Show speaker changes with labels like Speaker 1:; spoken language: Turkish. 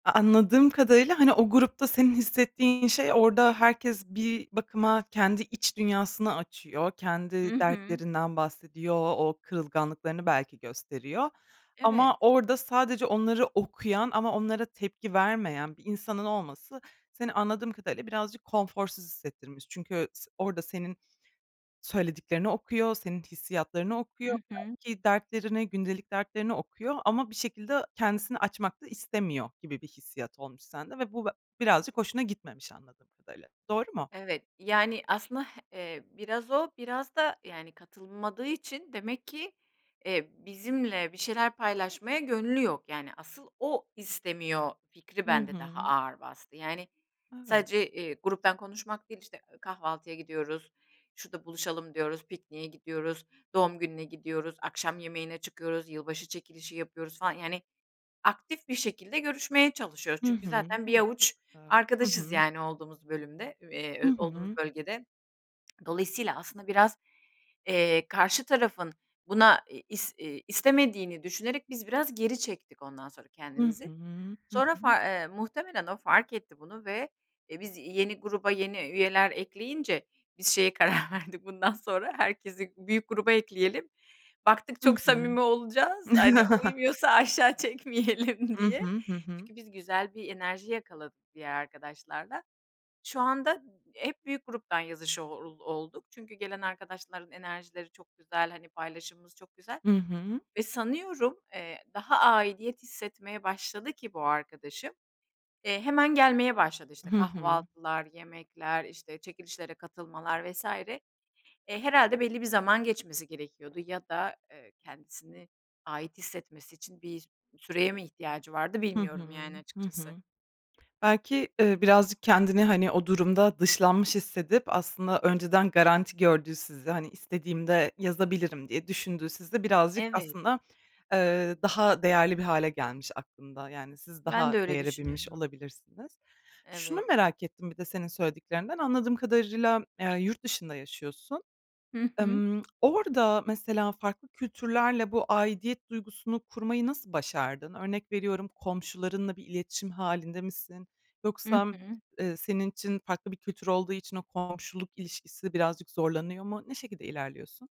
Speaker 1: A anladığım kadarıyla, hani, o grupta senin hissettiğin şey, orada herkes bir bakıma kendi iç dünyasını açıyor,
Speaker 2: Hı
Speaker 1: kendi
Speaker 2: hı.
Speaker 1: dertlerinden bahsediyor, o kırılganlıklarını belki gösteriyor.
Speaker 2: Evet.
Speaker 1: Ama orada sadece onları okuyan ama onlara tepki vermeyen bir insanın olması seni, anladığım kadarıyla, birazcık konforsuz hissettirmiş. Çünkü s orada senin söylediklerini okuyor, senin hissiyatlarını okuyor,
Speaker 2: I hı.
Speaker 1: belki dertlerini, gündelik dertlerini okuyor ama bir şekilde kendisini açmak da istemiyor gibi bir hissiyat olmuş sende ve bu ve birazcık hoşuna gitmemiş, anladığım kadarıyla. Doğru mu?
Speaker 2: Evet. Yani, aslında, eee, biraz o, biraz da, yani, katılmadığı için demek ki, eee, bizimle bir şeyler paylaşmaya gönlü yok. Yani, asıl o istemiyor fikri
Speaker 1: Hı
Speaker 2: bende daha
Speaker 1: hı.
Speaker 2: ağır bastı. Yani,
Speaker 1: Evet.
Speaker 2: sadece, eee, gruptan konuşmak değil, işte, eee, kahvaltıya gidiyoruz, şurada buluşalım diyoruz, pikniğe gidiyoruz, doğum gününe gidiyoruz, akşam yemeğine çıkıyoruz, yılbaşı çekilişi yapıyoruz falan, yani, aktif bir şekilde görüşmeye çalışıyoruz.
Speaker 1: Hı
Speaker 2: Çünkü
Speaker 1: hı.
Speaker 2: zaten bir
Speaker 1: Evet, çok
Speaker 2: avuç
Speaker 1: güzel. Hı
Speaker 2: arkadaşız,
Speaker 1: hı.
Speaker 2: yani, olduğumuz bölümde,
Speaker 1: Hı
Speaker 2: eee, olduğumuz
Speaker 1: hı.
Speaker 2: bölgede. Dolayısıyla aslında biraz, eee, karşı tarafın buna is eee, istemediğini düşünerek biz biraz geri çektik ondan sonra
Speaker 1: Hı
Speaker 2: kendimizi.
Speaker 1: hı. Hı
Speaker 2: Sonra
Speaker 1: hı.
Speaker 2: far muhtemelen o fark etti bunu ve, e, biz yeni gruba yeni üyeler ekleyince biz şeye karar verdik, "Bundan sonra herkesi büyük gruba ekleyelim." Baktık
Speaker 1: Hı
Speaker 2: çok
Speaker 1: hı.
Speaker 2: samimi olacağız, hani uymuyorsa aşağı çekmeyelim
Speaker 1: I
Speaker 2: diye.
Speaker 1: hı. Hı hı.
Speaker 2: Çünkü biz güzel bir enerji yakaladık diğer arkadaşlarla. Şu anda m hep büyük gruptan yazışa o olduk. Çünkü gelen arkadaşların enerjileri çok güzel, hani, paylaşımımız çok güzel.
Speaker 1: Hı hı.
Speaker 2: Ve sanıyorum, eee, daha aidiyet hissetmeye başladı ki bu arkadaşım, eee, hemen gelmeye başladı. İşte,
Speaker 1: Hı hı.
Speaker 2: kahvaltılar, yemekler, işte, çekilişlere katılmalar vs. E, herhâlde belli bir zaman geçmesi gerekiyordu ya da kendisini ait hissetmesi için bir süreye mi ihtiyacı vardı,
Speaker 1: Hı
Speaker 2: bilmiyorum,
Speaker 1: hı,
Speaker 2: yani,
Speaker 1: hı
Speaker 2: açıkçası.
Speaker 1: hı. Belki, eee, birazcık kendini, hani, o durumda dışlanmış hissedip, aslında önceden garanti gördüğü sizi, hani, "İstediğimde yazabilirim." diye düşündüğü sizi birazcık
Speaker 2: Evet.
Speaker 1: aslında, eee, daha değerli bir hâle gelmiş aklında. Yani, siz
Speaker 2: Ben
Speaker 1: daha
Speaker 2: de öyle
Speaker 1: değere binmiş
Speaker 2: düşünüyordum.
Speaker 1: olabilirsiniz. Şunu
Speaker 2: Evet.
Speaker 1: merak ettim bir de senin söylediklerinden. Anladığım kadarıyla, eee, yurt dışında yaşıyorsun.
Speaker 2: Hı hı.
Speaker 1: Imm orada, mesela, farklı kültürlerle bu aidiyet duygusunu kurmayı nasıl başardın? Örnek veriyorum, komşularınla bir iletişim hâlinde misin?
Speaker 2: Hı
Speaker 1: Yoksa
Speaker 2: hı.
Speaker 1: ııı, senin için farklı bir kültür olduğu için o komşuluk ilişkisi birazcık zorlanıyor mu? Ne şekilde ilerliyorsun?